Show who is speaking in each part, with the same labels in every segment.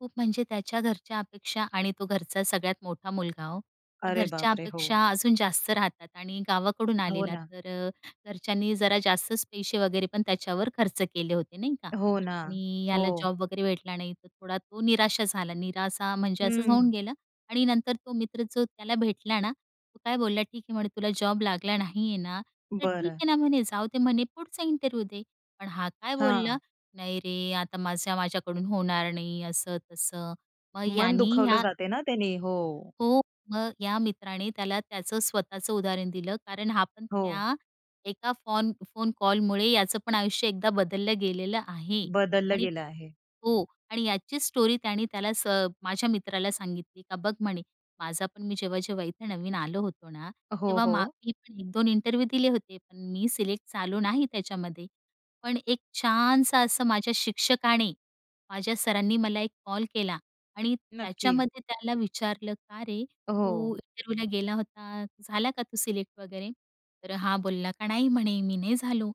Speaker 1: खूप म्हणजे त्याच्या घरच्या अपेक्षा आणि तो घरचा सगळ्यात मोठा मुलगा हो. मग
Speaker 2: अरे
Speaker 1: घरच्या
Speaker 2: बापरे!
Speaker 1: अपेक्षा
Speaker 2: हो.
Speaker 1: अजून जास्त राहतात आणि गावाकडून
Speaker 2: हो
Speaker 1: आलेला.
Speaker 2: ना.
Speaker 1: तर अ, घरच्यांनी जरा जास्तच पैसे वगैरे पण त्याच्यावर खर्च केले होते नाही का.
Speaker 2: हो ना.
Speaker 1: आणि याला
Speaker 2: हो.
Speaker 1: जॉब वगैरे भेटला नाही तर थोडा तो निराशा झाला. निराशा असा म्हणजे असंच होऊन
Speaker 2: हं.
Speaker 1: गेलं. आणि नंतर तो मित्र जो त्याला भेटला ना, तो काय बोलला, "ठीक आहे," म्हणे, "तुला जॉब लागला नाही आहे ना, तर ठीक
Speaker 2: बरं.
Speaker 1: आहे ना," म्हणे. "जाऊदे," म्हणे, "पुढचा इंटरव्ह्यू दे." पण हा काय बोलला,
Speaker 2: हां.
Speaker 1: "नाही रे, आता माझ्या माझ्याकडून होणार नाही असं तसं." मग
Speaker 2: मन
Speaker 1: याने
Speaker 2: दुखवलं
Speaker 1: या
Speaker 2: जाते ना त्यांनी हो.
Speaker 1: हो, मग या मित्राने त्याला त्याचं स्वतःचं उदाहरण दिलं कारण हा पण
Speaker 2: हो.
Speaker 1: त्या एका फॉन फोन कॉलमुळे याचं पण आयुष्य एकदा बदललं गेलेलं आहे.
Speaker 2: बदललं
Speaker 1: आणि
Speaker 2: गेलं आहे.
Speaker 1: हो. आणि याची स्टोरी त्याने त्याला स माझ्या मित्राला सांगितली, का "बघ," म्हणे. "माझा पण मी जेव्हा-जेव्हा इथे नवीन आलो होतो ना,
Speaker 2: हो,
Speaker 1: तेव्हा मा
Speaker 2: हो.
Speaker 1: मी पण 1-2 इंटरव्ह्यू दिले होते, पण मी सिलेक्ट झालो नाही त्याच्यामध्ये." पण एक छानसं असं माझ्या शिक्षकाने, माझ्या सरांनी मला एक कॉल केला आणि
Speaker 2: नक्की.
Speaker 1: त्याच्यामध्ये त्याला विचारलं, "का रे, तू
Speaker 2: हो.
Speaker 1: इंटरव्ह्यूला गेला होता, झाला का तू सिलेक्ट वगैरे." तर हा बोलला का, "नाही," म्हणे, "मी नाही झालो."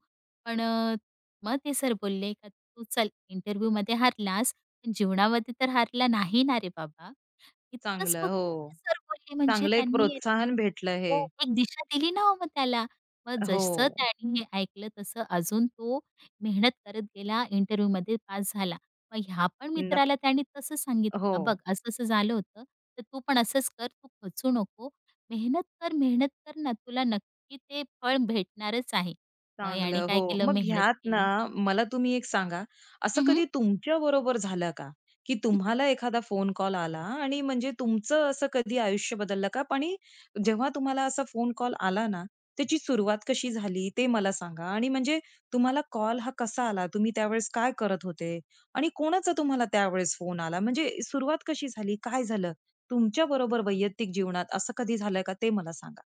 Speaker 1: पण अ, मग ते सर बोलले का, "तू चल इंटरव्ह्यूमध्ये हारलास, पण जीवनामध्ये तर हारला नाही ना रे बाबा." इतकंच
Speaker 2: चांगलं
Speaker 1: फक्त
Speaker 2: हो.
Speaker 1: सर बोलले म्हणजे
Speaker 2: चांगलं एक
Speaker 1: त्यांनी,
Speaker 2: प्रोत्साहन भेटलं हे.
Speaker 1: तो एक दिशा दिली ना हो मग त्याला. मग जसं
Speaker 2: हो.
Speaker 1: त्याने हे ऐकलं तसं अजून तो मेहनत करत गेला इंटरव्ह्यूमध्ये पास झाला. मग ह्या पण
Speaker 2: नक्क
Speaker 1: मित्राला त्याने तसं सांगितलं का, "बघ,
Speaker 2: हो.
Speaker 1: असं असं झालं होतं, तर तू पण असंच कर, तू खचू नको, मेहनत कर, मेहनत कर ना, तुला नक्की ते फळ भेटणारच आहे." मग याने
Speaker 2: चांगलं हो.
Speaker 1: काय केलं
Speaker 2: मग
Speaker 1: मेहनत
Speaker 2: ह्यात ना,
Speaker 1: केली.
Speaker 2: मला तुम्ही एक सांगा. असं
Speaker 1: हं, हं.
Speaker 2: कधी तुमच्या बरोबर झालं का, की तुम्हाला एखादा फोन कॉल आला आणि म्हणजे तुमचं असं कधी आयुष्य बदललं का? पण हे जेव्हा तुम्हाला असा फोन कॉल आला ना, त्याची सुरुवात कशी झाली ते मला सांगा? आणि म्हणजे तुम्हाला कॉल हा कसा आला. तुम्ही त्यावेळेस काय करत होते? आणि कोणाचा तुम्हाला त्यावेळेस फोन आला? म्हणजे सुरुवात कशी झाली? काय झालं? तुमच्या बरोबर वैयक्तिक जीवनात असं कधी झालं आहे का ते मला सांगा?